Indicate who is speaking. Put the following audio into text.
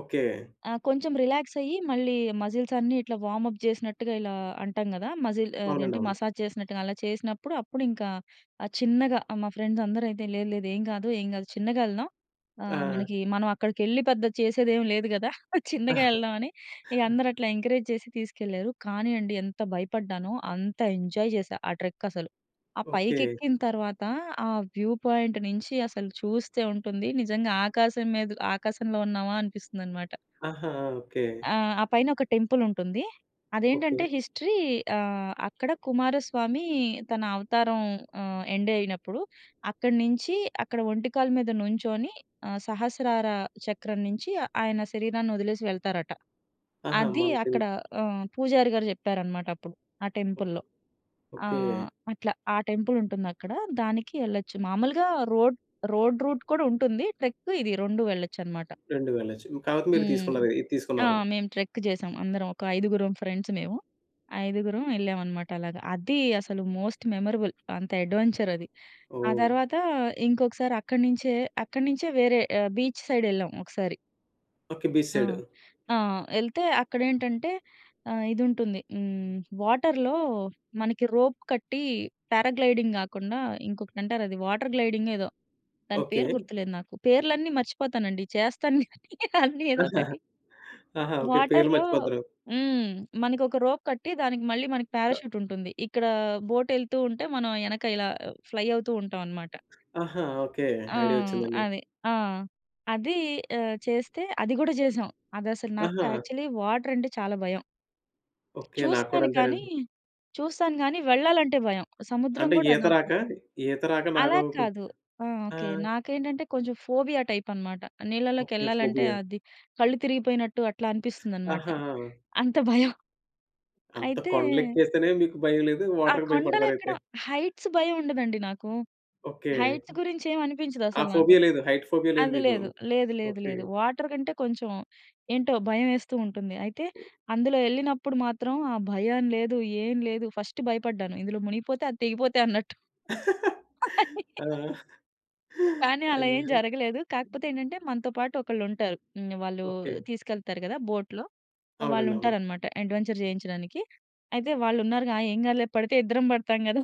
Speaker 1: Okay.
Speaker 2: ఆ! కొంచెం relax అయ్యి మళ్ళీ మజిల్స్ అన్నీ ఇట్లా వార్మ్‌అప్ చేసినట్టుగా ఇలా అంటాం కదా! మజిల్ ఆహ్, అదేంటి?
Speaker 1: అవునండవును.
Speaker 2: మసాజ్ చేసినట్టుగా అలా చేసినప్పుడు, అప్పుడింకా ఆహ్, చిన్నగా మా ఫ్రెండ్స్ అందరూ అయితే, "లేదు, లేదు. ఏం కాదు. ఏం కాదు. చిన్నగా ఎళ్దాం. ఆహ్,
Speaker 1: ఆ!
Speaker 2: మనకి మనం అక్కడికెళ్లి పెద్ద చేసేదేమీ లేదు గదా!" చిన్నగా ఎళ్దాం అని ఇగ అందరూ అట్లా ఎంకరేజ్ చేసి తీసుకెళ్లారు. కానీ అండి, ఎంత భయపడ్డానో అంత ఎంజాయ్ చేశా ఆ ట్రెక్ అసలు. ఆ
Speaker 1: ఓకే.
Speaker 2: పైకెక్కిన తర్వాత ఆ వ్యూ పాయింట్ నుంచి అసలు చూస్తే ఉంటుంది. నిజంగా ఆకాశం మీద ఆకాశంలో ఉన్నామా అనిపిస్తుందన్నమాట.
Speaker 1: ఆహా! ఓకే.
Speaker 2: ఆ! ఆ పైన ఒక టెంపుల్ ఉంటుంది. అదేంటంటే,
Speaker 1: ఓకే.
Speaker 2: హిస్టరీ. ఆహ్, అక్కడ కుమారస్వామి తన అవతారం ఆహ్, ఎండ్ అయినప్పుడు అక్కడి నుంచి, అక్కడ ఒంటికాలు మీద నుంచొని ఆహ్, సహస్రార చక్రం నుంచి ఆయన శరీరాన్నొదిలేసి వెళ్తారట.
Speaker 1: ఆహా!
Speaker 2: అది
Speaker 1: మంచి
Speaker 2: అక్కడ ఆహ్, పూజారి గారు చెప్పారన్నమాట అప్పుడు ఆ
Speaker 1: ఓ
Speaker 2: టెంపుల్‌లో. ఆ!
Speaker 1: ఓకే.
Speaker 2: అట్లా. ఆ టెంపుల్ ఉంటుందక్కడ. దానికి ఎళ్ళొచ్చు. మామూలుగా రోడ్ రోడ్ రూట్ కూడా ఉంటుంది. ట్రెక్ ఇదీ రొండూ వెళ్ళొచ్చన్నమాట.
Speaker 1: 2 వెళ్లొచ్చు. కాకపోతే మీరు
Speaker 2: హ్మ్.
Speaker 1: తీసుకున్నారు. ఇది
Speaker 2: ఆ!
Speaker 1: తీసుకున్నారు.
Speaker 2: మేము ట్రెక్ చేసాం. అందరం ఒక ఐదుగురం ఫ్రెండ్స్ మేము. ఐదుగురం ఎళ్ళాం అన్నమాట అలాగా. అది అసలు మోస్ట్ మెమరబుల్, అంత అడ్వెంచర్ అది. ఆ
Speaker 1: ఓహ్!
Speaker 2: తర్వాత ఇంకొకసారి అక్కడి నుంచే, అక్కడి నుంచే వేరే ఆహ్, బీచ్ సైడ్ ఎళ్ళాం ఒకసారి.
Speaker 1: ఓకే. బీచ్
Speaker 2: ఆ!
Speaker 1: సైడ్.
Speaker 2: ఆ! ఎళ్తే అక్కడేంటంటే ఆహ్, ఇదుంటుంది. హ్మ్. వాటర్‌లో మనకి రోప్ కట్టి, పారా గ్లైడింగ్ గాకుండా ఇంకొకటంటారది. వాటర్ గ్లైడింగ్ ఏదో. దాని
Speaker 1: ఓకే.
Speaker 2: పేరు గుర్తులేదు నాకు. పేర్లన్నీ మర్చిపోతానండి. చేస్తాను అన్నీ ఏదోకటి.
Speaker 1: ఆహా! ఓకే. పేర్లు
Speaker 2: వాటర్‌లో
Speaker 1: మర్చిపోతారు.
Speaker 2: హ్మ్. మనకొక రోప్ కట్టి, దానికి మళ్లీ మనకి
Speaker 1: ట
Speaker 2: పారాచ్యూట్ ఉంటుంది. ఇక్కడ బోట్ ఎళ్తూ ఉంటే, మనం యెనక ఇలా ఫ్లై అవుతూ ఉంటాం అన్నమాట.
Speaker 1: ఆహా! ఓకే.
Speaker 2: ఆ!
Speaker 1: ఐడియా ఒచ్చిందండి.
Speaker 2: అది. ఆ! అది. ఆహ్, చేస్తే అది గూడా చేసాం. అదసలు నాకు
Speaker 1: ఆహా!
Speaker 2: యాక్చువల్లీ వాటర్ అంటే చాలా భయం.
Speaker 1: ఓకే. నాకు కూడా
Speaker 2: చూస్తాను కానీ,
Speaker 1: అంతేనండి.
Speaker 2: చూస్తాను గానీ వెళ్లాలంటే భయం. సముద్రం
Speaker 1: అంటే
Speaker 2: కూడా
Speaker 1: ఈత
Speaker 2: నాకు
Speaker 1: రాక, ఈత రాక
Speaker 2: అలా
Speaker 1: నాకు
Speaker 2: కాదు. ఆ!
Speaker 1: ఆ!
Speaker 2: ఓకే. నాకేంటంటే కొంచెం ఫోబియా టైప్ అన్నమాట.
Speaker 1: ఓకే.
Speaker 2: నీళ్లలోకెళ్లాలంటే
Speaker 1: ఫోబియా!
Speaker 2: అది కళ్ళు తిరిగిపోయినట్టు అట్లా అనిపిస్తుందన్నమాట.
Speaker 1: ఆహా!
Speaker 2: అంత భయం.
Speaker 1: అంత
Speaker 2: అయితే
Speaker 1: కొండలెక్కేస్తేనే మీకు భయం లేదు.
Speaker 2: ఆ!
Speaker 1: వాటర్‌కి భయపడతారైతే.
Speaker 2: కొండలెక్కడం హైట్స్ భయం ఉండదండి నాకు.
Speaker 1: ఓకే.
Speaker 2: హైట్స్ గురించేం
Speaker 1: ఆ
Speaker 2: అనిపించదసలు నాకు.
Speaker 1: ఫోబియా లేదు. హైట్ ఫోబియా లేదు
Speaker 2: అది
Speaker 1: మీకు.
Speaker 2: లేదు. లేదు. లేదు.
Speaker 1: ఓకే.
Speaker 2: లేదు. వాటర్ కంటే కొంచెం ఏంటో భయం ఏస్తూ ఉంటుంది. అయితే, అందులో ఎళ్ళినప్పుడు మాత్రం ఆ భయం లేదు, ఏం లేదు. ఫస్ట్ భయపడ్డాను. ఇందులో మునిగిపోతే, అది తెగిపోతే అన్నట్టు.
Speaker 1: ఆ!
Speaker 2: కానీ అలా ఏం
Speaker 1: అయ్యో!
Speaker 2: జరగలేదు. కాకపోతే ఏంటంటే, మనతో పాటు ఒకళ్లుంటారు. హ్మ్. వాళ్లు
Speaker 1: ఓకే.
Speaker 2: తీసుకెళ్తారు కదా బోట్‌లో,
Speaker 1: అవునండవును.
Speaker 2: వాళ్లుంటారన్నమాట అడ్వెంచర్ చేయించడానికి. అయితే, వాళ్లున్నారుగా, ఆ! ఏం గాదులే. పడితే ఇద్దరం పడతాం కదా!